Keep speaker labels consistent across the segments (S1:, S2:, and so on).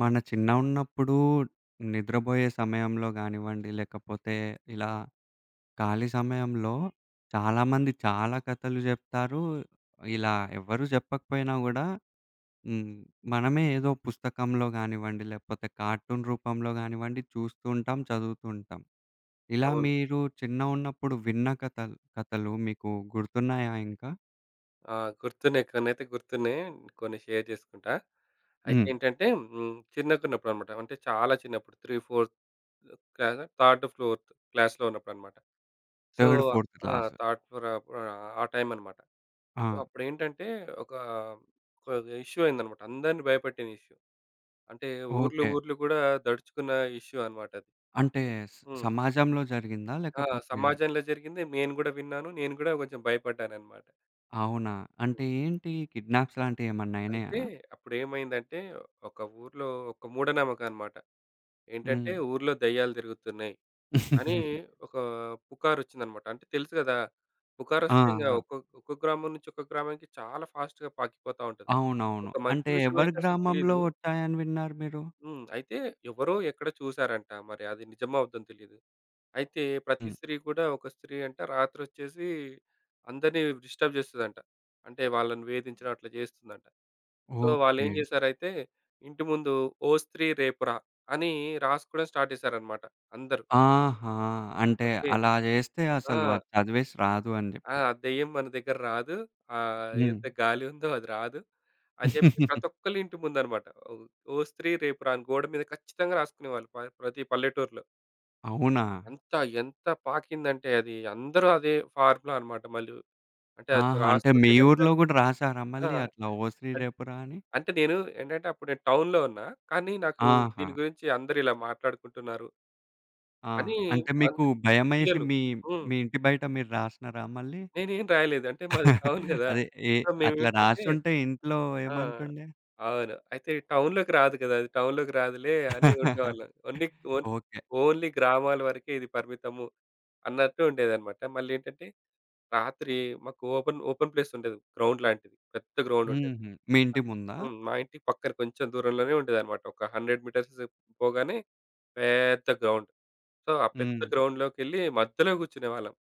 S1: మన చిన్న ఉన్నప్పుడు నిద్రబోయే సమయంలో గానివ్వండి, లేకపోతే ఇలా ఖాళీ సమయంలో చాలామంది చాలా కథలు జెప్తారు. ఇలా ఎవ్వరు జెప్పకపోయినా గూడా, హ్మ్ మనమే ఏదో పుస్తకంలో గానివ్వండి, లేకపోతే కార్టూన్ రూపంలో గానివ్వండి. చూస్తూ ఉంటాం, చదువుతూ ఉంటాం. ఇలా
S2: అవును.
S1: మీరు చిన్న ఉన్నప్పుడు విన్న కథల్ కథలు మీకు గుర్తున్నాయా ఇంకా?
S2: ఆ! గుర్తున్నాయి కొన్నైతే గుర్తున్నాయి. కొన్ని షేర్ జేసుకుంటా.
S1: హ్మ్.
S2: అయితేంటంటే, హ్మ్ చిన్నగున్నప్పుడనమాట. అంటే చాలా చిన్నప్పుడు 3, 4 క్లాజ థర్డ్ ఫోర్త్ క్లాస్‌లో ఉన్నప్పుడన్నమాట. సో
S1: థర్డ్, ఫోర్త్
S2: ఆ
S1: క్లాసు.
S2: థర్డ్ ఫోర్ అప్ ఆహ్, ఆ టైమన్నమాట. సో
S1: ఆ!
S2: అప్పుడేంటంటే, ఒక ఇష్యూ అయిందన్నమాట. అందరిని భయపెట్టిన ఇష్యూ. అంటే ఊర్లు
S1: ఓకే.
S2: ఊర్లు గూడా దడుచుకున్న ఇష్యూ అన్నమాటది.
S1: అంటే స్
S2: హ్మ్.
S1: సమాజంలో జరిగిందా?
S2: ఆ!
S1: లేకపోతే
S2: సమాజంలో జరిగింది. నేను గూడా విన్నాను. నేను గూడా కొంచెం భయపడ్డానన్నమాట.
S1: అవునా? అంటే
S2: హ్మ్.
S1: ఏంటి ఈ కిడ్నాప్స్ లాంటియెమన్నా అయినయా?
S2: అయితే అప్పుడేమైందంటే, ఒక ఊరిలో ఒక మూఢ నమ్మకం అనమాట. ఏంటంటే,
S1: హ్మ్.
S2: ఊర్లో దెయ్యాలు తిరుగుతున్నాయి. అని ఒక పుకారొచ్చిందన్నమాట. అంటే తెలుసు గదా!
S1: ఆ!
S2: పుకారొస్తే ఇంగ
S1: ఆ!
S2: ఒక్క ఒకొక్క గ్రామం నుంచి ఒక గ్రామానికి చాలా ఫాస్ట్‌గా పాకిపోతా ఉంటది.
S1: అవునవును.
S2: ఒక మంచి
S1: అంటే ఎవరి
S2: విషయమైతే అసలు
S1: గ్రామంలో
S2: తెలీదు.
S1: ఒచ్చాయని విన్నారు మీరు?
S2: హ్మ్. అయితే ఎవరో ఎక్కడొ చూసారంట. మరి అది నిజమా అబద్దమో తెలీదు. అయితే ప్రతి
S1: హ్మ్.
S2: స్త్రీ కూడా, ఒక స్త్రీ అంట రాత్రి ఒచ్చేసి అందరిని డిస్టర్బ్ చేస్తదంట. అంటే వాళ్ళని వేధించిటం అట్ల జేస్తుందంట. సో వాళ్ళేం
S1: ఓకే.
S2: జేశారైతే ఇంటి ముందు, 'ఓ స్త్రీ రేపు రా!' అని రాసుకోవడం స్టార్ట్ చేసారన్నమాట అందరూ.
S1: ఆహా! అంటే
S2: ఓకే.
S1: అలా జేస్తే
S2: ఆ!
S1: అసలు అది చదివేసి రాదు అని
S2: ఆ!
S1: జెప్పి.
S2: దెయ్యం మన దెగ్గర రాదు. ఆహ్,
S1: హ్మ్.
S2: ఎంత గాలి ఉందో, అది రాదు అని జెప్పి ప్రతి ఒక్కళ్ళ ఇంటి ముందు అనమాట. ఒ ఓ స్త్రీ రేపు రా! అని గోడ మీద ఖచ్చితంగా రాసుకునేవాళ్ళు ప ప్రతి పల్లెటూరిలో.
S1: అవునా?
S2: ఎంత ఎంత పాకిందంటే అది అందరూ అదే ఫార్ములాన్నమాట మళ్ళీ. అంటే అది
S1: ఆహా! అంటే మీ
S2: రాసుకుంటే గనక
S1: ఊర్లో గూడా రాసారా
S2: ఆ!
S1: మళ్ళీ అట్లా ఓ శ్రీ
S2: అన్
S1: రేపురాని?
S2: అంటే నేను ఏంటంటే అప్పుడు నేను టౌన్‍లో ఉన్నా. కానీ నాకు
S1: ఆహా!
S2: దీని గురించి అందరూ ఇలా మాట్లాడుకుంటున్నారు...
S1: ఆ!
S2: అని
S1: అంటే
S2: అన్
S1: మీకు భయమేసి
S2: పిల్లలు
S1: మీ
S2: హ్మ్.
S1: మీ ఇంటి బయట మీరు రాసినారా మళ్ళీ?
S2: నేనేమి రాయలేదు. అంటే మాది టౌన్ గదా!
S1: అదే ఎ
S2: సో
S1: అట్లా
S2: మేమేంటంటే
S1: రాసుంటే ఇంట్లో
S2: ఆ!
S1: ఏమంటుండే?
S2: అవును. అయితే టౌన్‍లోకి రాదు గదా! అది టౌన్‍లోకి రాదులే అని ఉండేవాళ్ళం. Only own
S1: okay.
S2: ఓన్లీ గ్రామాల వరకే ఇది పరిమితము అన్నట్టు ఉండేదన్నమాట. మళ్ళీ ఏంటంటే, రాత్రి మాకు ఓపెన్ ఓపెన్ ప్లేస్ ఉండేది గ్రౌండ్ లాంటిది. పెద్ద గ్రౌండ్ ఉండేది.
S1: హుహు. మీ ఇంటి ముందా?
S2: హ్మ్. మా ఇంటి పక్కన కొంచెం దూరంలోనే ఉండేదన్నమాట. ఒక 100 మీటర్స్ పోగానే పెద్ద గ్రౌండ్. సో ఆ పెద్ద
S1: హ్మ్.
S2: గ్రౌండ్‌లోకెళ్లి మధ్యలో గూర్చునేవాళ్ళం.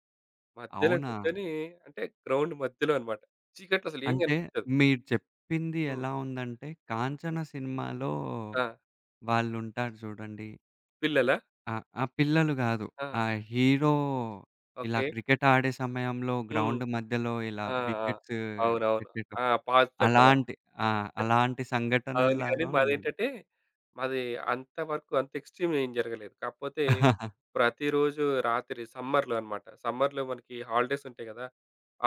S2: మధ్యలో
S1: అవునా?
S2: గూర్చొని అంటే గ్రౌండ్ మధ్యలో అనమాట. చీకట్లో అసలేం
S1: అంటే
S2: గనిపించదు.
S1: మీరు చెప్పింది
S2: హ్మ్.
S1: ఎలా ఉందంటే కాంచన సినిమాలో
S2: ఆ!
S1: వాళ్ళు ఉంటారు జూడండి.
S2: పిల్లలా?
S1: ఆహ్, ఆ పిల్లలు గాదు.
S2: ఆ!
S1: ఆ హీరో ఇలా
S2: ఓకే.
S1: క్రికెట్ ఆడే సమయంలో
S2: హ్మ్.
S1: గ్రౌండ్ మధ్యలో ఇలా
S2: ఆ! ఆ!
S1: వికెట్స్
S2: అవునవును. ఆ!
S1: పెట్టేటప్పుడు,
S2: పాత్తరు గదా!
S1: అలాంటి ఆ! అలాంటి
S2: అవును. గానీ
S1: సంఘటనల్లాగా ఉన్నయి.
S2: మాదేంటంటే, మాది అంతవరకు అంత ఎక్స్‌ట్రిమ్ ఏం జరగలేదు. కాకపోతే ప్రతిరోజు రాత్రి సమ్మర్‍లో అనమాట. సమ్మర్‍లో మనకి హాలిడేస్ ఉంటాయి గదా!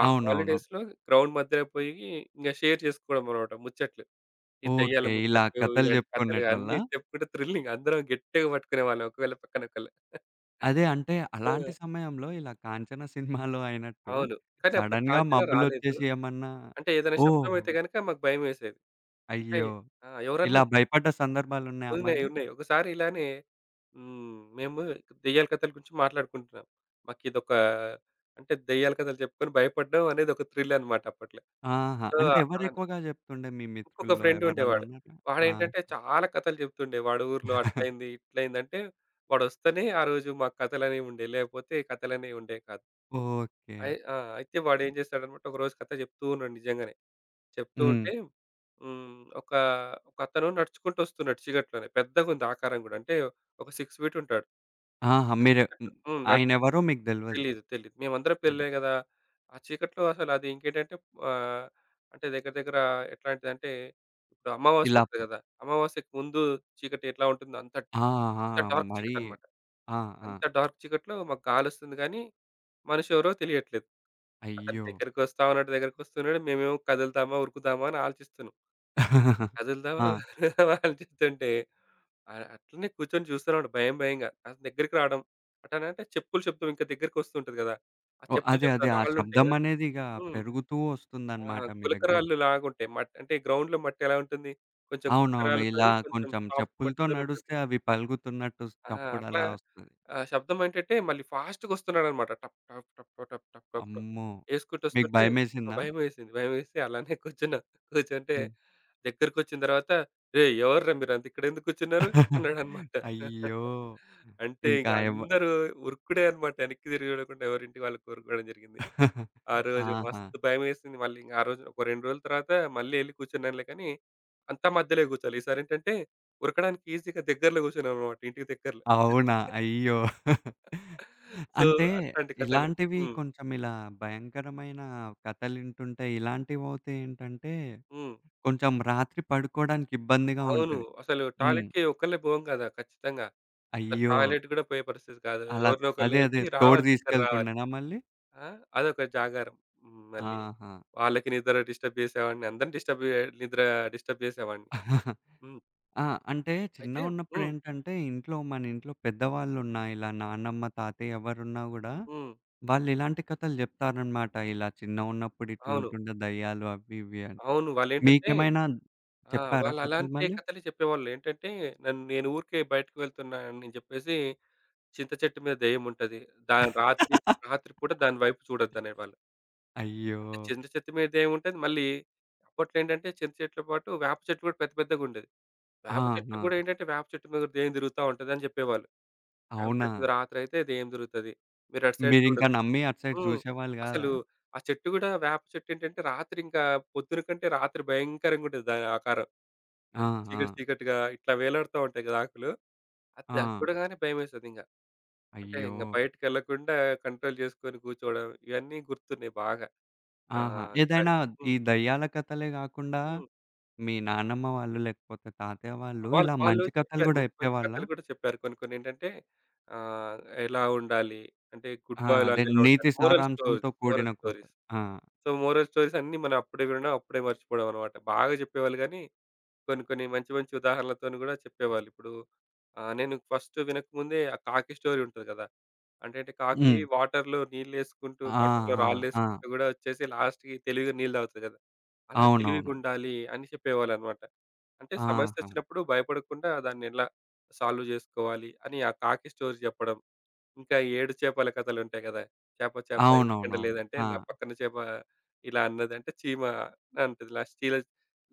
S2: ఆ
S1: అవునవును.
S2: హాలిడేస్‍లో గ్రౌండ్ మధ్యలో పోయి ఇంగ షేర్ చేసుకోవడం అనమాట ముచ్చట్లు. ఈ దెయ్యాల
S1: ఓకే. ఇలా
S2: ముచ్చట్లు,
S1: కథలు
S2: ఇలాంటి కథలు
S1: చెప్పుకున్నేటోళ్ళా?
S2: అన్నీ చెప్పుకుంటే థ్రిల్లింగ్. అందరం గట్టిగా పట్టుకునే వాళ్ళం ఒకళ్ళు పక్కన ఒకళ్ళు.
S1: అదే అంటే
S2: ఆ!
S1: అలాంటి సమయంలో ఇలా కాంచన సినిమాలో అయినట్టు
S2: అవును. కాని అప్పుడు
S1: సడెన్‍గా
S2: కాంచన
S1: మబ్బులు
S2: రాలేదు.
S1: ఒచ్చేసి ఏమన్నా
S2: అంటే ఏదైనా శబ్దం
S1: ఓహో!
S2: అయితే గనక మాకు భయమేసేది.
S1: అయ్యో!
S2: అయి ఆ ఎవరన్నా
S1: ఇలా భయపడ్డ సందర్భాలు ఉన్నాయా
S2: ఉన్నాయి.
S1: మళ్ళీ?
S2: ఉన్నాయి. ఒకసారి ఇలానే హ్మ్. మేము దెయ్యాల కథల గురించి మాట్లాడుకుంటున్నాం. మాకిదొక అంటే దెయ్యాల కథలు చెప్పుకొని భయపడ్డం అనేది ఒక థ్రిల్ అనమాట అప్పట్లో.
S1: ఆహా!
S2: సో
S1: అంటే
S2: అలానే
S1: ఎవరెక్కువగా జెప్తుండే మీ
S2: ఇంకొక
S1: మిత్రుల్లో
S2: ఫ్రెండ్ ఉండేవాడు.
S1: ఎవరైన్నన ఆ!
S2: వాడేంటంటే చాలా కథలు జెప్తుండే వాడు ఊర్లో "అట్లైంది, ఇట్లైంది" అంటే వాడు వస్తేనే ఆరోజు మాకు కథలు అనేవి ఉండేవి. లేపోతే కథలనేవి ఉండేవి కాదు.
S1: ఓకే.
S2: అయ్యి ఆ! అయితే వాడు ఏం జేస్తాడన్నమాట ఒకరోజు కథ జెప్తూ ఉన్నాడు నిజంగానే. చెప్తూ
S1: హ్మ్.
S2: ఉంటే హ్మ్. ఒక ఒక అతను నడుచుకుంటూ ఒస్తున్నాడు చీకట్లోనే పెద్దగుంది ఆకారం గూడా, అంటే ఒక 6 ఫీట్ ఉంటాడు.
S1: ఆహా! మీరు హ్మ్.
S2: హ్మ్ నాట్టు
S1: ఆయనెవరో మీకు దెల్వది.
S2: తెలీదు. తెలీదు. మేమందరం
S1: హ్మ్.
S2: పెళ్లే గదా! ఆ చీకట్లో అసలది ఇంకేంటంటే ఆహ్, అంటే దగ్గర దగ్గర ఎట్లాంటిదంటే, ఇప్పుడు అమావాస్య
S1: ఇలా
S2: ఒస్తది గదా! అమావాస్యకు ముందు చీకటి ఎట్లా ఉంటుందో అంత,
S1: ఆహా!
S2: అంత డార్క్
S1: మరి
S2: చీకటి అనమాట.
S1: ఆ! ఆ!
S2: అంత డార్క్ చీకట్లో మాకు కాలోస్తుంది గానీ మనిషి ఎవరో తెలియట్లేదు. అతని
S1: అయ్యో!
S2: దగ్గరికోస్తా ఉన్నాడు, దగ్గరికి ఒస్తున్నాడు. మేమేమో కదులుతామా, ఉరుకుదామా అని ఆలోచిస్తున్నాం. కదులుదామా
S1: ఆ!
S2: ఉందమాని అలోచితుంటే అ అట్లనే కూర్చొని జూస్తూన్నాడు భయం భయంగా అంతా దగ్గరికి రావడం. అటనంటే చెప్పులు శబ్ధం ఇంకా దగ్గరకోస్తు ఉంటది గదా! ఆ
S1: ఓహ్!
S2: చెప్పులు
S1: అదే.
S2: శబ్ధం
S1: అదే. ఆ
S2: రాళ్ళు ఉంటాయి కదా!
S1: శబ్దమనేదిగా
S2: హ్మ్.
S1: పెరుగుతూ
S2: ఆ!
S1: వస్తుందనమాట మీ దగ్గర.
S2: గులకరాళ్ళు లాగా ఉంటాయి. అంటే మట్ గ్రౌండ్‍లో మట్టి ఎలా ఉంటుంది? కొంచెం
S1: అవునవును. ఇలా
S2: గులకరాళ్ళతోని, కొంచెం
S1: కొంచెం
S2: సాఫ్ట్
S1: చెప్పులతో
S2: మట్టితోనే ఉంటది.
S1: నడుస్తే అవి పలుగుతున్నట్టు
S2: ఆ! అట్లా
S1: చప్పుడలా వస్తది.
S2: ఆ శబ్దమేంటంటే మళ్ళీ ఫాస్ట్‌గా ఒస్తున్నాడన్నమాట టప్ టప్ టప్ టప్ టప్ టప్
S1: అమ్మో!
S2: ఏసుకుంటూ
S1: మీకు
S2: ఒస్తుంటే ఆ
S1: భయమేసిందా?
S2: భయమేసింది. భయమేసి అలానే కూర్చున్నా. కూర్చుంటే,
S1: హ్మ్.
S2: దగ్గరకొచ్చిన దరవత "రేయ్! ఎవర్రా మీరాంత? ఇక్కడేందుకు కూర్చున్నారు?" అన్నాడన్నమాట.
S1: అయ్యో!
S2: అంటే
S1: ఇంకా
S2: ఇగ
S1: ఎవ్వ
S2: అందరూ ఉరుకుడే అనమాట ఎనక్కి తిరిగి జూడకుండా ఎవరి ఇంటి వాళ్ళు కోరుకోవడం జరిగింది. ఆరోజు
S1: ఆహా!
S2: మస్తు భయమేసింది. మళ్ళీ ఇంగ ఆ రోజు ఒక 2 రోజుల తర్వాత మళ్ళీ ఎళ్లి కూర్చున్నానులే కానీ, అంతా మధ్యలో కూర్చోలే. ఈసారేంటంటే ఉరకడానికి ఈజీగా దగ్గర్లో కూర్చున్నాం అన్నమాట ఇంటికి దగ్గరలో.
S1: అవునా! అయ్యో!
S2: సో
S1: అంటే
S2: అట్లాంటి కథలు.
S1: ఇలాంటివి
S2: హ్మ్.
S1: కొంచెం ఇలా భయంకరమైన కథలింటుంటే ఇలాంటివోతే ఏంటంటే,
S2: హ్మ్.
S1: కొంచెం రాత్రి పడుకోవడానికి ఇబ్బందిగా
S2: అవును.
S1: ఉంటది.
S2: అసలు
S1: హ్మ్.
S2: టాయిలెట్‍కి ఒక్కళ్ళే బోం గదా! ఖచ్చితంగా. అసలు
S1: అయ్యో!
S2: టాయిలెట్ కూడా పోయే పరిస్థితి కాదు.
S1: అలాద్
S2: ఎవరినో ఒకల్ని
S1: అదే. అదే.
S2: లేపి
S1: తోడు
S2: రావాలి తొందర రావాలి.
S1: దీసుకెళ్తుండేనా మళ్ళీ?
S2: ఆ? అదొక జాగారం. హ్మ్ మళ్ళీ,
S1: ఆహా!
S2: వాళ్ళకి నిద్ర డిస్టర్బ్ జేసేవాడిని, అందరిని డిస్టర్బ్ జ నిద్ర ఆహ్ డిస్టర్బ్ చేసేవాడిని. హ్మ్.
S1: ఆ! అంటే
S2: అయితే హ్మ్.
S1: చిన్నగున్నప్పుడేంటంటే, ఇంట్లో మన ఇంట్లో పెద్దవాళ్ళు ఉన్న ఇలా నానమ్మ, తాతయ్య ఎవరున్నా గూడా
S2: హ్మ్.
S1: వాళ్ళు ఇలాంటి కథలు జెప్తారన్నమాట. "ఇలా చిన్నగున్నప్పుడు
S2: అవును.
S1: ఇట్లుంటుండే దెయ్యాలు" అవి ఇవి అని.
S2: అవును. వాళ్ళేంటంటే
S1: మీకేమైనా
S2: ఆ!
S1: చెప్పారా
S2: వాళ్ళు
S1: కథలు
S2: అలాంటి
S1: మళ్ళీ?
S2: కథలే చెప్పేవాళ్ళు. ఏంటంటే ఆహ్, నన్ నేను ఊరికే బయటకి వెళ్తున్నాను అని జెప్పేసి, చింత చెట్టు మీద దెయ్యముంటది. దా రాత్రి రాత్రిపూట దాని వైపు చూడొద్దు అనేవాళ్ళు.
S1: అయ్యో!
S2: అంటే చింద చెట్టు మీద దెయ్యం ఉంటది మళ్ళీ, అప్పట్లో ఏంటంటే చింత చెట్లు పాటు, వేప చెట్లు కూడా పెద్ద పెద్దగా ఉండేది. వేప చెట్లు
S1: ఆహా!
S2: కూడా ఏంటంటే వేప చెట్టు మీద దెయ్యం దిరుగుతా ఉంటది అని జెప్పేవాళ్ళు.
S1: అవునా?
S2: వేపచెట్టు మీద రాత్రి అయితే దెయ్యం దిరుగుతది మీరు అటు సైడ్
S1: మీరు ఇంకా
S2: చూడొద్దు.
S1: నమ్మి అటు సైడ్
S2: హ్మ్
S1: జూసేవాళ్ళు గాదా?
S2: అసలు ఆ చెట్టు గూడా వేప చెట్టేంటంటే, రాత్రి ఇంకా పొద్దున కంటే రాత్రి భయంకరంగా ఉంటది దాని ఆకారం.
S1: ఆ!
S2: అన్ చీకటి
S1: ఆ!
S2: చీకటిగా ఇట్లా వేలాడుతూ ఉంటాయి గదా! ఆకులు దాన్ని
S1: ఆ!
S2: చూడగానే భయమేసేది ఇంగా. అంటే ఇంగ
S1: అయ్యో!
S2: బయటికి ఎళ్ళకుండా కంట్రోల్ జేసుకొని కూర్చోవడం ఇవన్నీ గుర్తున్నాయి బాగా.
S1: ఆహా!
S2: ఆహ్, ఇంకా
S1: ఏదైనా ఈ
S2: హ్మ్.
S1: దెయ్యాల కథలే గాకుండా
S2: హ్మ్.
S1: మీ నానమ్మ వాళ్ళు లేకపోతే తాతయ్య వాళ్ళు
S2: వాళ్
S1: ఇలా
S2: వాళ్ళు
S1: మంచి కథలు
S2: చెప్పారు
S1: గూడా
S2: మంచి మంచి
S1: చెప్పేవాళ్ళా?
S2: కథలు గూడా చెప్పారు. కొన్ని కొన్నేంటంటే ఆహ్, ఎలా ఉండాలి? అంటే గుడ్
S1: ఆ! అదే
S2: బాయ్‌లాగా ఎలా ఉండాలి?
S1: నీతి
S2: మోరల్ స్టోరీస్,
S1: సారాంశంతో
S2: మోరల్
S1: కూడిన కృత.
S2: స్టోరీస్.
S1: ఆ!
S2: సో మోరల్ స్టోరీస్ అన్నీ మనం అప్పుడే వినడం, అప్పుడే మర్చిపోవడం అనమాట. బాగా జెప్పేవాళ్ళు గాని, కొన్ని కొన్ని మంచి మంచి ఉదాహరణలతోని గూడా, చెప్పేవాళ్ళు. ఇప్పుడు ఆహ్, నేను ఫస్ట్ వినకముందే ఆ కాకి స్టోరీ ఉంటది గదా! అంటేంటే కాకి
S1: హ్మ్.
S2: వాటర్‍లో నీళ్లేసుకుంటూ
S1: ఆ!
S2: వాటర్‍‍లో
S1: ఆ! ఆ!
S2: రాళ్ళేసుకుంటూ గూడా ఒచ్చేసి, లాస్ట్‌కి తెలివిగా నీళ్లు దాగుతది గదా! అలా
S1: అవునవును.
S2: తెలివిగుండాలి అని చెప్పేవాళ్ళన్నమాట. అంటే
S1: ఆహా!
S2: సమస్యచ్చినప్పుడు భయపడకుండా దాన్నెలా సాల్వ్ జేసుకోవాలి? అని ఆ కాకి స్టోరీ జెప్పడం. ఇంకా ఏడు చేపల కథలు ఉంటాయి గదా! చేప చేప ఎందుకు ఎండా
S1: అవునవునవును.
S2: లేదంటే, నా
S1: ఆ!
S2: పక్కన చేప ఇలా అన్నది అంటే చీమ అనంటది. లాస్ట్ చిలస్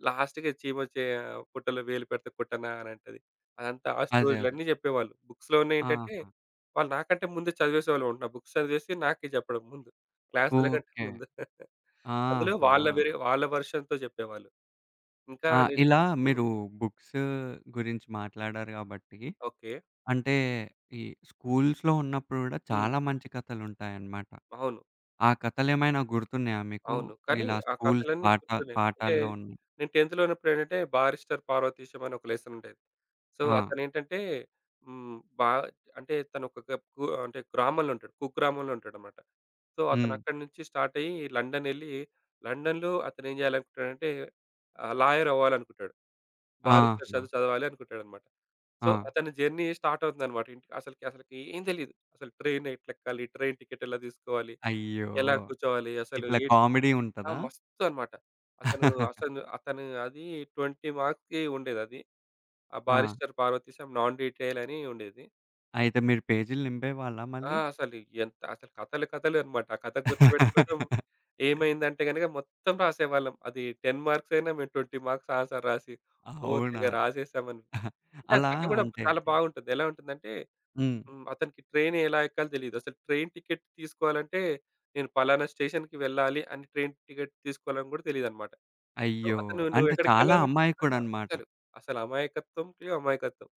S2: లాస్ట్‌కి అది చీమ చేయ "పుట్టలో వేలు పెడితే కుట్టనా!" అనంటది. అదంతా ఆ
S1: అదే. అదే.
S2: స్టోరీలన్నీ జెప్పేవాళ్ళు. బుక్స్‌లో ఉన్నాయి ఏంటంటే,
S1: ఆహా!
S2: వాళ్ళు నాకంటే ముందు చదివేసేవాళ్ళున్నారు బుక్స్ చదివేసి నాకే జెప్పడం ముందు క్లాస్‍ల కంటే
S1: ఓకే.
S2: ముందు. అందులో
S1: ఆహా!
S2: వాళ్ళ వేరే వాళ్ళ వెర్షన్‍తో జెప్పేవాళ్ళు. ఇంకా
S1: ఆ!
S2: నేను
S1: ఇలా
S2: హ్మ్.
S1: మీరు బుక్స్ గురించి మాట్లాడారు గాబట్టి,
S2: ఓకే.
S1: అంటే ఈ స్కూల్స్‌లో ఉన్నప్పుడు గూడా
S2: హ్మ్.
S1: చాలా మంచి కథలు ఉంటాయన్నమాట.
S2: అవును.
S1: ఆ కథలేమైనా గుర్తున్నాయా మీకు?
S2: అవును. కానీ
S1: ఇలా
S2: ఆ
S1: స్కూల్స్
S2: కథలన్నీ
S1: పాట
S2: గుర్తులేవు. అంటే
S1: పాఠాల్లో ఉన్నాయి.
S2: నేను టెన్త్‌లో ఉన్నప్పుడేంటంటే, బారిస్టర్ పార్వతీశం అని ఒక లెస్సన్ ఉండేది. సో
S1: ఆ!
S2: అతనేంటంటే హ్మ్ బా అంటే తను ఒక కుగు గ్రామంలో ఉంటాడు. కుగ్రామంలో ఉంటాడన్నమాట. సో
S1: హ్మ్.
S2: అతనక్కడినుంచి స్టార్ట్ అయ్యి లండన్ ఎళ్లి, లండన్‍లో అతను ఏం జేయాలనుకుంటాడంటే ఆహ్, లాయర్ అవ్వాలనుకుంటాడు. బారిస్టర్
S1: ఆహా!
S2: చదువు చదవాలి అనుకుంటాడన్నమాట. సో
S1: ఆ!
S2: అతని జర్నీ స్టార్ట్ అవుతుందన్నమాట ఇంట్ అసలకి అసలకి ఏం దెలీదు. అసలు ట్రైన్ ఎట్లా ఎక్కాలి? ట్రైన్ టికెట్ ఎలా దీసుకోవాలి?
S1: అయ్యో!
S2: ఎలా కూర్చోవాలి? అసలు
S1: ఇట్లా
S2: ఎన్
S1: కామెడీ
S2: ఆ
S1: ఉంటదా?
S2: మస్తు అనమాట. అతను అసను అతను అది 20 మార్క్స్‌కి ఉండేదది. ఆ
S1: ఆ!
S2: బారిస్టర్ పార్వతీశం నాన్ డిటైల్ అని ఉండేది.
S1: అయితే మీరు పేజీలు నింపేవాళ్ళ
S2: ఆ!
S1: మళ్ళీ?
S2: అసలి ఎంత అసలు కథలు కథలు అనమాట. ఆ కథ గుర్తుబెట్టుకోవటం ఏమైందంటే గనక, మొత్తం రాసేవాళ్ళం. అది 10 మార్క్స్ అయినా మేము 20 మార్క్స్ ఆన్సర్ రాసి, ఓహ్! తెగ
S1: అవునా?
S2: రాసేసామని. అంటే
S1: అలా
S2: కథ కూడా
S1: అంటే
S2: చాలా బావుంటది. ఎలా ఉంటుందంటే,
S1: హ్మ్.
S2: హ్మ్ అతనికి ట్రైన్ ఎలా ఎక్కాలో తెలీదు. అసలు ట్రైన్ టికెట్ తీసుకోవాలంటే, నేను పలానా స్టేషన్‍కేళ్ళాలి అని ట్రైన్ టికెట్ తీసుకోవాలని కూడా తెలీదన్నమాట. సో
S1: అయ్యో!
S2: అతను నువ్వు
S1: అంటే చాలా
S2: ఎక్కడికేళ్లాలంటే ఆహ్
S1: అమాయకుడనమాట.
S2: అసలు అసలు అమాయకత్వంకే అమాయకత్వం.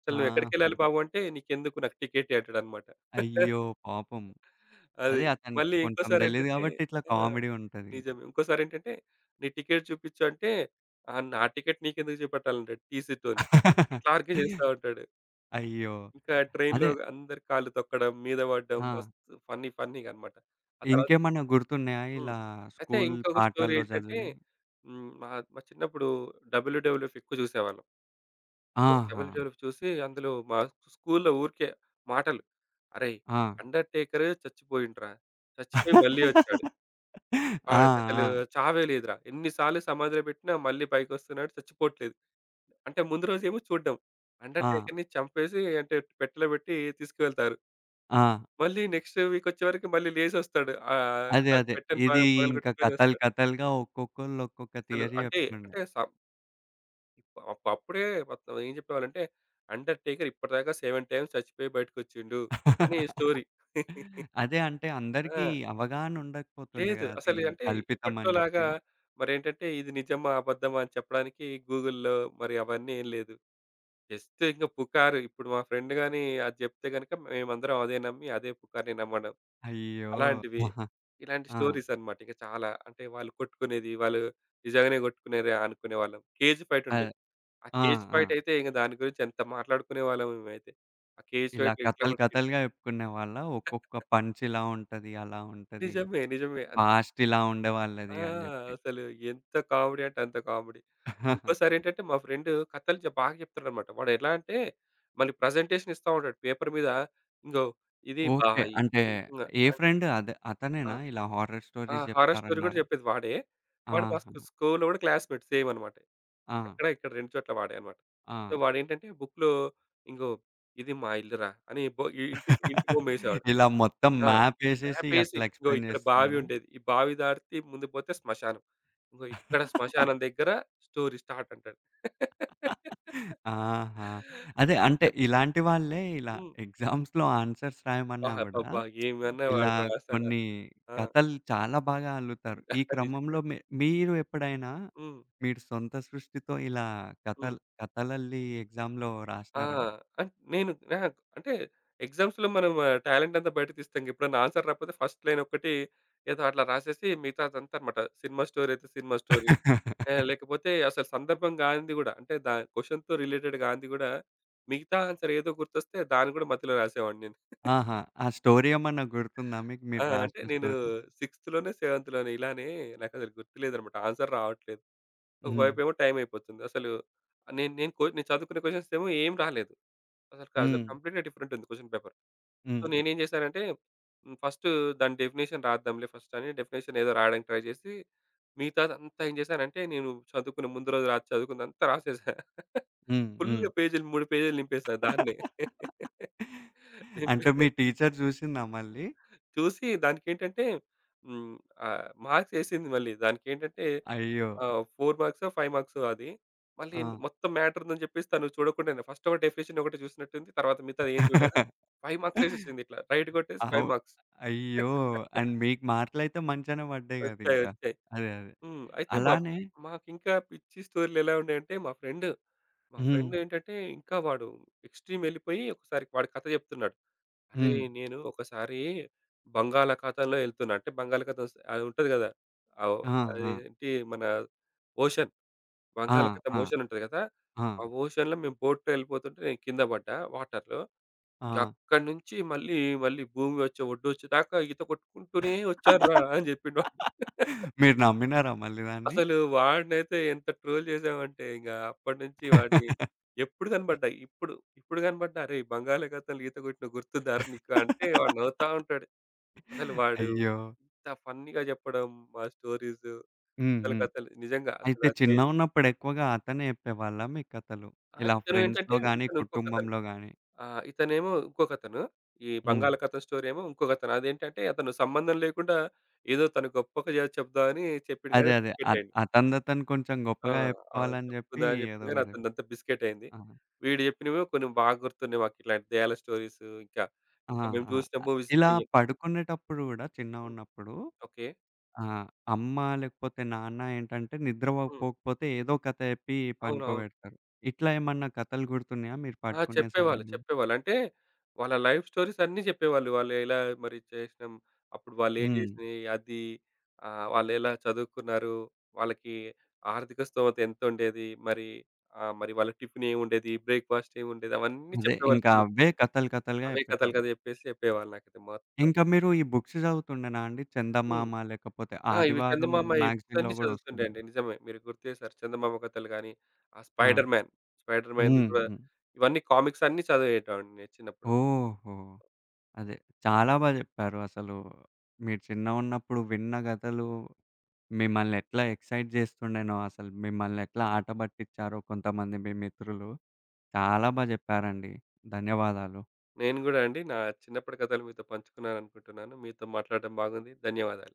S2: "అసలు నువ్వు ఎక్కడికెళ్ళాలి
S1: ఆహా!
S2: బాబు" అంటే "నీకెందుకు నాకు టికెట్ ఇయ్యి" అంటాడన్నమాట.
S1: అయ్యో! పాపం.
S2: అది.
S1: అదే అతనికి
S2: మళ్ళీ
S1: కొంచెం దెలీదు
S2: ఇంకోసారేంటంటే
S1: గాబట్టి, ఇట్లా
S2: ఆ!
S1: కామెడీ ఉంటదిగ.
S2: నిజమే. ఇంకోసారేంటంటే, "నీ టికెట్ చూపిచ్చు" అంటే "ఆ! నా టికెట్ నీకెందుకు జూపెట్టాలి" అంటడు టీసీతోని. అట్లా ఆర్గ్యూ జేస్తా ఉంటాడు.
S1: అయ్యో!
S2: ఇంకా ట్రైన్‍‍లో
S1: అదే
S2: గ అందరి కాళ్ళు తొక్కడం. మీద వడ్డం.
S1: ఆ!
S2: మస్తు ఫన్నీ ఫన్నీగా అనమాట. ఆ తరువాత
S1: ఇంకేమన్నా గుర్తున్నాయా
S2: హ్మ్.
S1: ఇలా
S2: అయితే
S1: స్కూల్
S2: ఇంకొక స్టోరీ
S1: పాఠాల్లో
S2: ఏంటంటే
S1: జదివినయి?
S2: హ్మ్ మా, మా చిన్నప్పుడు డబ్ల్యూడబ్ల్యూ ఫిక్ జూసేవాళ్ళం. సో
S1: ఆహా!
S2: డబ్ల్యుడబ్ల్యు చూసి, అందులో మా స్కూలు‌లో ఊరికే, మాటలు అరేయ్!
S1: ఆ!
S2: అండర్‌టేకరే చచ్చిపోయిండు రా! చచ్చిపోయి మళ్ళీ ఒచ్చాడు...
S1: ఆ!
S2: ఆడికసలు
S1: ఆ!
S2: చావే లేదురా! ఎన్ని సార్లు సమాధిలో పెట్టినా మళ్ళీ పైకోస్తున్నాడు చచ్చిపోట్లేదు. అంటే ముందు రోజేమో చూడడం.
S1: ఆ!
S2: అండర్‌టేకర్‌ని చంపేసి అంటే పెట్టెలో పెట్టి తీసుకెళ్తారు.
S1: ఆ!
S2: మళ్ళీ నెక్స్ట్ వీక్ ఒచ్చేవరకి మళ్ళీ లేసొస్తాడు. ఆహ్,
S1: అదే.
S2: ఆ
S1: అదే.
S2: పెట్టని ప
S1: ఇది ఇంక
S2: పగలగొట్టుకొని
S1: కథలు
S2: ఒస్తాడు.
S1: కథలుగా ఒక్కొక్కళ్ళు ఒక్కొక్క
S2: అసలు
S1: థియరీ
S2: అంటే
S1: జెప్తుండే.
S2: అంటే సం అబ్బా! అబ్బా! అప్పుడే మొత్తం ఏం చెప్పేవాళ్ళంటే, అండర్‌టేకర్ ఇప్పటిదాకా 7 టైమ్స్ చచ్చిపోయి బయటికోచ్చిండు, అని స్టోరీ.
S1: అదే. అంటే
S2: ఆ!
S1: అందరికీ అవగాహనుండకపోతుండే
S2: లేదు.
S1: గదా, అది
S2: అసలి అంటే,
S1: కల్పితమని
S2: ఇప్పట్లోలాగా
S1: చెప్పి.
S2: మరేంటంటే, ఇది నిజమా, అబద్ధమా, అని చెప్పడానికి గూగుల్‌లో మరి అవన్నీ ఏం లేదు. జస్ట్ ఇంక పుకారు, ఇప్పుడు మా ఫ్రెండ్ గాని, అది జెప్తే గనక మేమందరం అదే నమ్మి, అదే పుకారుని నమ్మడం,
S1: అయ్యో!
S2: అలాంటివి.
S1: ఆహా!
S2: ఇలాంటి
S1: ఆ!
S2: స్టోరీస్ అన్నమాట ఇక చాలా. అంటే వాళ్ళు కొట్టుకునేది, వాళ్ళు నిజంగానే కొట్టుకున్నారు అనుకునేవాళ్ళం. కేజ్ ఫైట్
S1: అదే.
S2: ఉండేది. ఆ
S1: ఆ!
S2: కేజ్
S1: ఆ!
S2: ఫైటయితే ఇంక దాని గురించి ఎంత మాట్లాడుకునేవాళ్ళమో మేమైతే! ఆ కేజ్
S1: ఇలా
S2: ఫైట్‌లో ఎట్లా
S1: కథలు
S2: కొట్టిండు.
S1: కథలుగా జెప్పుకునేవాళ్ళా? ఒక్కొక్క పంచిలా ఉంటది. అలా ఉంటది.
S2: నిజమే. నిజమే. అన్
S1: పాస్ట్ ఇలా ఉండే
S2: ఆ!
S1: వాళ్ళదని
S2: ఆ!
S1: జెప్పి.
S2: అసలు ఎంత కామెడీ అంటే అంత కామెడీ. ఇంకోసారేంటంటే, మా ఫ్రెండు కథలు చే బాగా చెప్తాడన్నమాట. వాడెలా అంటే, మళ్ళి ప్రజెంటేషన్ ఇస్తా ఉంటాడు. పేపర్ మీద ఇంగో ఇది
S1: ఓకే.
S2: బాయి
S1: అంటే
S2: ఈ
S1: ఏ
S2: ఆహ్
S1: ఫ్రెండ్? అదే
S2: ఆ!
S1: అతనేనా ఇలా హారర్
S2: ఆ!
S1: స్టోరీస్
S2: హారర్ స్టోరీ గూడా
S1: జెప్తారన్నారే?
S2: చెప్పేది వాడే. వాడు ఫస్ట్
S1: ఆహా!
S2: స్కూల్‌లో గూడా క్లాస్‌మేట్ సేమ్ అన్నమాట.
S1: ఆ!
S2: అక్కడ ఇక్కడ 2 చోట్ల వాడే అన్నమాట. సో,
S1: ఆ!
S2: వాడేంటంటే, బుక్‌లో "ఇంగో ఇది మా ఇల్లు రా" అని బో ఇ ఇంటి ఇంటి బొమ్మేసేవాడు.
S1: ఇలా మొత్తం
S2: ఆ!
S1: మ్యాపేసేసి
S2: మ్యాపేసి,
S1: అట్లా
S2: "ఇంగో
S1: ఎక్స్‌ప్లేయిన్
S2: ఇక్కడ బావి
S1: జేస్తుండేనా?
S2: ఉండేది. ఈ బావి దాటితే ముందుకు పోతే స్మశానం. ఇంగో ఇక్కడ స్మశానం దగ్గర స్టోరీ స్టార్ట్" అంటాడు.
S1: ఆహా! అదే. అంటే ఇలాంటి వాళ్ళే ఇలా
S2: హ్మ్.
S1: ఎగ్జామ్స్‌లో ఆన్సర్స్
S2: బా!
S1: రాయమన్నా గూడా,
S2: అబ్బబ్బా! ఏమన్నా
S1: ఇలా
S2: వాడు రాసాడా!
S1: కొన్ని
S2: ఆ!
S1: కథలు చాలా బాగా అల్లుతారు. ఈ
S2: నిజమే.
S1: క్రమంలో మే మీరు ఎప్పుడైనా,
S2: హ్మ్.
S1: మీరు సొంత సృష్టితో ఇలా
S2: హ్మ్.
S1: కథలు కథలల్లి ఎక్సామ్‌లో
S2: ఆ!
S1: రాసినారా?
S2: అంట్ నేను అహా! అంటే ఎగ్జామ్స్‌లో మనం టాలెంటంతా బయటకు తీస్తాంగా. ఎప్పుడైనా ఆన్సర్ రాపోతే ఫస్ట్ లైన్ ఒక్కటి ఏదో అట్లా రాసేసి మిగతాదంతాదన్నమాట. సినిమా స్టోరీ అయితే సినిమా స్టోరీ. ఆ! లేకపోతే అసలు సందర్భం గానిది గూడా, అంటే దా క్వశ్చన్‌తో రిలేటెడ్ గాంది గూడా, మిగతా ఆన్సర్ ఏదో గుర్తొస్తే దాన్ని గూడా మధ్యలో రాసేవాడిని నేను.
S1: ఆహా! ఆ స్టోరీ ఏమన్నా గుర్తుందా మీకు? మీరు
S2: ఆ! అంటే
S1: రాసిన
S2: నేను
S1: స్టోరీ?
S2: సిక్స్త్‌లోనే, సెవెంత్‌లోనే ఇలానే నాకసలు గుర్తులేదన్నమాట. ఆన్సర్ రావట్లేదు. ఒక
S1: హ్మ్.
S2: వైపేమో టైమైపోతుంది. అసలు ఆహ్, నేను నేను కో నేను చదువుకునే క్వశ్చన్స్ ఏమో ఏం రాలేదు. అసలు కసలు
S1: హ్మ్.
S2: కంప్లీట్‌గా డిఫరెంట్ ఉంది క్వశ్చన్ పేపర్. సో,
S1: హ్మ్.
S2: నేనేం చేశానంటే, హ్మ్. ఫస్టు దాని డెఫినిషన్ రాద్దాంలే ఫస్టని డెఫినిషన్ ఏదో రాయడానికి ట్రై జేసి, మిగతాదంతా ఏం జేశానంటే నేను చదువుకునే ముందు రోజు రాత్రి చదువుకున్నంతా రాసేశా.
S1: హ్మ్.
S2: ఫుల్
S1: హ్మ్.
S2: పేజీ‌లు 3 పేజీలు నింపేసా దాన్నే. నింపే
S1: అంటే మీ టీచరు జూసిందా మళ్ళీ?
S2: చూసి దానికేంటంటే, హ్మ్. ఆహ్, మార్క్స్ ఏసింది మళ్ళీ. దానికేంటంటే,
S1: అయ్యో!
S2: ఆహ్, 4 మార్క్సో, 5 మార్క్సో అది. మళ్ళీ ఏంది
S1: ఆ!
S2: మొత్తం మ్యాటరుందని చెప్పేసి తాను చూడకుండా‌నే ఫస్ట్ ఒక డెఫినిషన్ ఒకటే చూసినట్టుంది. తర్వాత మిగతాది ఏం చూడలేదు. 5 మార్క్స్ ఏసేసింది ఇట్లా రైట్ కొట్టేసి
S1: అవు
S2: 5 మార్క్స్.
S1: అయ్యో! అండ్ మీకు మార్కు‌లైతే మంచిగానే పడ్డాయి
S2: ఒచ్చాయి.
S1: గదింక.
S2: ఒచ్చాయి.
S1: అదే. అదే.
S2: హ్మ్. అయితే మాక్
S1: అలానే
S2: మాకింకా పిచ్చి స్టోరీ‌లేలా ఉండేయంటే, మా ఫ్రెండ్, మా ఫ్రెండ్
S1: హ్మ్.
S2: ఏంటంటే, ఇంకా వాడు ఎక్స్‌ట్రీమ్ ఎళ్ళిపోయి ఒకసారి వాడి కథ చెప్తున్నాడు. "అరేయ్!
S1: హ్మ్.
S2: నేను ఒకసారి బంగాళాఖాతంలో ఎళ్తున్నా." అంటే బంగాళాఖాతం స్ అది ఉంటది గదా! ఆహ్, ఓహ్,
S1: ఆ!
S2: అది
S1: ఆ!
S2: ఏంటి మన ఓషన్
S1: ఆ!
S2: బంగాళాఖాతం
S1: ఆ!
S2: ఓషన్ ఉంటది గదా!
S1: ఆ!
S2: "ఆ ఓషన్‌లో మేము బోట్‌లో ఎళ్ళిపోతుంటే, నేను కింద బడ్డా వాటర్‌లో. ఇంగా
S1: ఆ!
S2: అక్కడి నుంచి మళ్ళీ మళ్ళీ భూమి ఒచ్చే, వొడ్డొచ్చే దాకా ఈత కొట్టుకుంటూనే వచ్చాను రా!" అని చెప్పిండు వాడు.
S1: మీరు నమ్మినారా మళ్ళీ దాన్ని?
S2: అసలు వాడినైతే ఎంత ట్రోల్ చేసామంటే, ఇంక అప్పటినుంచి వాడిని ఎప్పుడు గనపడ్డా ఇప్పుడు, ఇప్పుడు కనపడ్డా "అరేయ్! బంగాళా‌కతం‌లో ఈత కొట్టినవు. గుర్తుందారా నీకు?" అంటే వాడు నవ్వుతా ఉంటాడు. అసలు వాడు
S1: అయ్యో!
S2: ఇంత ఫన్నీ‌గా జెప్పడం, ఆ స్టోరీస్
S1: హ్మ్.
S2: కథలు,
S1: హ్మ్.
S2: కథలు నిజంగా అసలు
S1: అయితే
S2: ఆ ఫీల్
S1: చిన్నగున్నప్పుడెక్కువగా అతనే జెప్పేవాళ్ళ మీకు కథలు?
S2: ఆహ్,
S1: ఇలా
S2: ఇతను
S1: ఫ్రెండ్స్‌లో
S2: ఏంటంటే,
S1: గాని,
S2: ఇతనింకొకతను.
S1: కుటుంబంలో గాని?
S2: ఆహ్, ఇతనేమో ఇంకొకతను. ఈ
S1: హ్మ్.
S2: బంగాళకతం స్టోరీ ఏమో ఇంకొకతను. అదేంటంటే, అతను సంబంధం లేకుండా ఏదో తను గొప్పగా జెప్దామని చెప్పిండు
S1: అదే.
S2: గాని
S1: అదే. అత్
S2: బిస్కటయింది.
S1: అతనదతను కొంచెం
S2: ఆ!
S1: గొప్పగా
S2: అవును.
S1: జెప్పుకోవాలని జెప్పి
S2: చెప్పుకుందాం అని చెప్పిండు కానీ
S1: ఏదోకటి.
S2: అతనిదంతా బిస్కెటయింది.
S1: ఆ!
S2: వీడు జెప్పినవి కొన్ని బాగా గుర్తున్నాయి. మాకిట్లాంటి దెయ్యాల స్టోరీసు ఇంకా,
S1: ఆ!
S2: ఇంకా మేం
S1: ఆ!
S2: చూసిన
S1: అ
S2: మూవీస్
S1: ఇలా
S2: దెయ్యాం
S1: పడుకునేటప్పుడు గూడా
S2: హ్మ్.
S1: చిన్నగున్నప్పుడు,
S2: ఓకే.
S1: ఆ! అమ్మ లేకపోతే నాన్న ఏంటంటే, నిద్ర
S2: హ్మ్.
S1: పోకపోతే ఏదో కథ చెప్పి
S2: అవునవును.
S1: పనుకోబెడతారు. ఇట్లా ఏమన్నా కథలు గుర్తున్నాయా మీరు
S2: ఆ!
S1: పడుకునే
S2: చెప్పేవాళ్ళు,
S1: సమయంలో?
S2: చెప్పేవాళ్ళు. అంటే, వాళ్ళ లైఫ్ స్టోరీస్ అన్నీ జెప్పేవాళ్ళు. వాళ్ళు ఎలా మరి చేసినాం, అప్పుడు వాళ్లేం
S1: హ్మ్.
S2: చేసినయి, అది ఆహ్, వాళ్ళేలా చదువుకున్నారు, వాళ్ళకి ఆర్థిక స్తోమత ఎంతుండేది మరి. ఆహ్, మరి వాళ్ళకి టిఫినెముండేది, బ్రేక్‌ఫాస్ట్ ఏముండేది, అవన్నీ
S1: అదే.
S2: చెప్పేవాళ్ళు
S1: ఇంకా
S2: చిన్నప్పుడు.
S1: అవ్వే కథలు కథలుగా
S2: అవే కథలు
S1: చెప్పేటోళ్ళు.
S2: కథ జెప్పేసి చెప్పేవాళ్ళు నాకైతే మొత్తం.
S1: ఇంకా మీరు ఈ బుక్స్ చదువుతుండేనా అండి?
S2: హ్మ్.
S1: చందమామ లేకపోతే
S2: ఆ! ఇవి
S1: ఆదివారం
S2: చందమామ ఈ బుక్స్
S1: మ్యాగ్‌జీన్‌లో
S2: అన్ని
S1: కూడా
S2: చదువుతుండే
S1: ఒస్తుండే.
S2: అండి. నిజమే మీరు గుర్తు జేశారు. చందమామ కథలు గాని, ఆ
S1: ఆ!
S2: స్పైడర్‌మ్యాన్, స్పైడర్‌మ్యాన్‌ది
S1: హ్మ్.
S2: గూడా
S1: హ్మ్.
S2: ఇవన్నీ కామిక్స్ అన్నీ చదివేటివాన్ని చిన్నప్పుడు.
S1: ఓహో! అదే. చాలా బా జెప్పారు అసలు. మీరు చిన్నగున్నప్పుడు విన్న కథలు, మిమ్మల్ని ఎట్లా ఎగ్జైట్ చేస్తుం‌డేనో అసలు మిమ్మనేట్లా ఆటబట్టించారో కొంతమంది మీ మిత్రులు, చాలా బా జెప్పారండి. ధన్యవాదాలు.
S2: నేను గూడా అండి. నా చిన్నప్పటి కథలు మీతో పంచుకున్నాననుకుంటున్నాను. మీతో మాట్లాడటం బాగుంది. ధన్యవాదాలు.